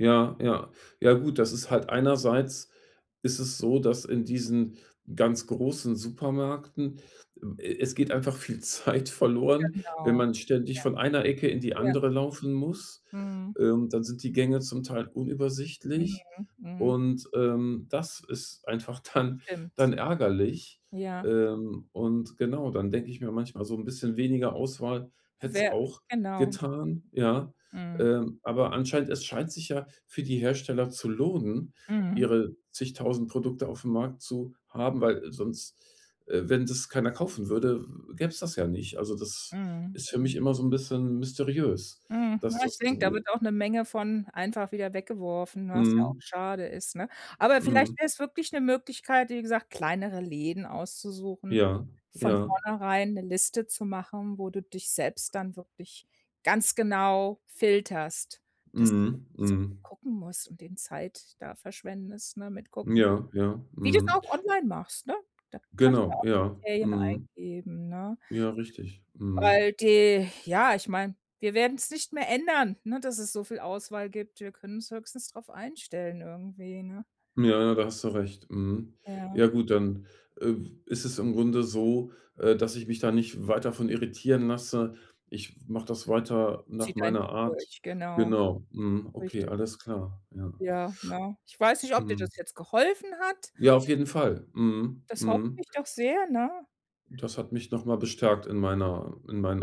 Ja ja ja gut, das ist halt einerseits, ist es so, dass in diesen ganz großen Supermärkten, äh, es geht einfach viel Zeit verloren, wenn Genau, man ständig von einer Ecke in die ja. Ja. andere laufen muss. Mhm. Ähm, dann sind die Gänge zum Teil unübersichtlich, Mhm, mhm. und, ähm, das ist einfach dann Stimmt. dann ärgerlich. Ja. Ähm, und, genau, dann denke ich mir manchmal, so 'n bisschen weniger Auswahl hätte es Währ auch Genau. getan, ja? Mhm. Ähm, aber anscheinend es scheint sich ja für die Hersteller zu lohnen, Mhm. ihre zigtausend Produkte aufm Markt zu haben, weil sonst, äh, wenn das keiner kaufen würde, w gäbe es das ja nicht. Also, das Mhm, ist für mhm. mich immer so 'n bisschen mysteriös, Mhm, dass na, ich das denke, da so wird auch 'ne Menge von einfach wieder weggeworfen, was ja auch Mhm. schade ist, ne? Aber vielleicht Mhm. wäre es wirklich 'ne Möglichkeit, wie gesagt, kleinere Läden auszusuchen. Ja Von ja. vornherein 'ne Liste zu machen, wo du dich selbst dann wirklich ganz genau filterst. Dass du eben Mhm. nicht so viel Mhm. gucken musst und den Zeit da verschwendest, ne, mit Gucken. Ja, ja, Wie du es mhm. auch online machst, ne? Da kannst du ja Genau, auch ja. Kriterien Mhm. eingeben, ne? Ja, richtig. Mhm. Weil die ja, ich meine, wir werden es nicht mehr ändern, ne, dass es so viel Auswahl gibt. Wir können uns höchstens darauf einstellen irgendwie, ne? Ja, ja, da hast du recht, mhm. Ja. Ja gut, dann, äh, ist es im Grunde so, äh, dass ich mich da nicht weiter von irritieren lasse. Ich mache das weiter nach Zieh dein meiner Ding Art. durch, genau. Genau. Mhm. Okay, Richtig. alles klar. Ja. Ja, ne? Ich weiß nicht, ob dir Mhm. das jetzt geholfen hat. Ja, auf jeden Fall. Mhm, Das hoffe mhm. ich doch sehr, ne? Das hat mich noch mal bestärkt in meiner in meinen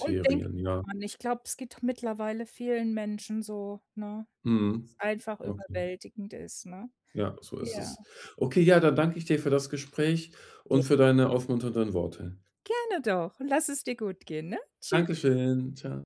Und denk immer ja. dran, ich glaub, es geht mittlerweile vielen Menschen so, ne, Mhm, dass es einfach okay. überwältigend ist, ne? Ja, so ist Ja. es. Okay, ja, dann danke ich dir für das Gespräch Ge und für deine aufmunternden Worte. Gerne doch. Lass es dir gut gehen, ne? Tschüss. Dankeschön. Tschau.